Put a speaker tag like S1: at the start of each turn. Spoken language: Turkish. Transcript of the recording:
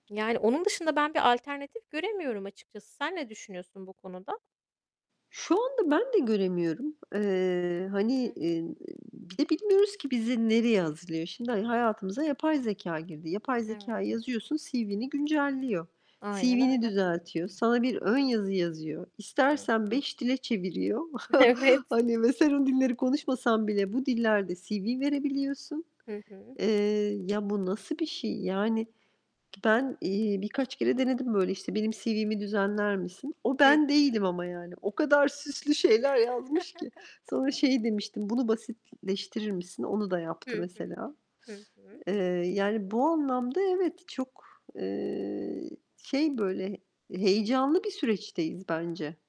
S1: Yani, onun dışında ben bir alternatif göremiyorum açıkçası. Sen ne düşünüyorsun bu konuda?
S2: Şu anda ben de göremiyorum. Eee,
S1: Hı
S2: hani,
S1: hı.
S2: inn, bir de bilmiyoruz ki bizi nereye hazırlıyor. Şimdi, ha hayatımıza yapay zekâ girdi. Yapay
S1: Evet.
S2: zekâya yazıyorsun, CV'ni güncelliyor,
S1: Aynen
S2: CV'ni
S1: öyle.
S2: düzeltiyor, sana bir ön yazı yazıyor,
S1: Hı
S2: istersen
S1: hı.
S2: 5 dile çeviriyor.
S1: Evet.
S2: Hani, ve sen o dilleri konuşmasan bile bu dillerde CV verebiliyorsun.
S1: Hı hı.
S2: Eee, ya, bu nasıl bir şey? Yani, ben, iii, birkaç kere denedim, böyle, işte, benim CV'mi düzenler misin? O
S1: Hı
S2: ben
S1: hı.
S2: değilim ama yani. O kadar süslü şeyler yazmış ki. Sonra şey demiştim. "Bunu basitleştirir misin?" Onu da yaptı
S1: Hı hı.
S2: mesela.
S1: Hı hı.
S2: Eee, yani, bu anlamda evet, çok, eee, şey böyle heyecanlı bir süreçteyiz bence.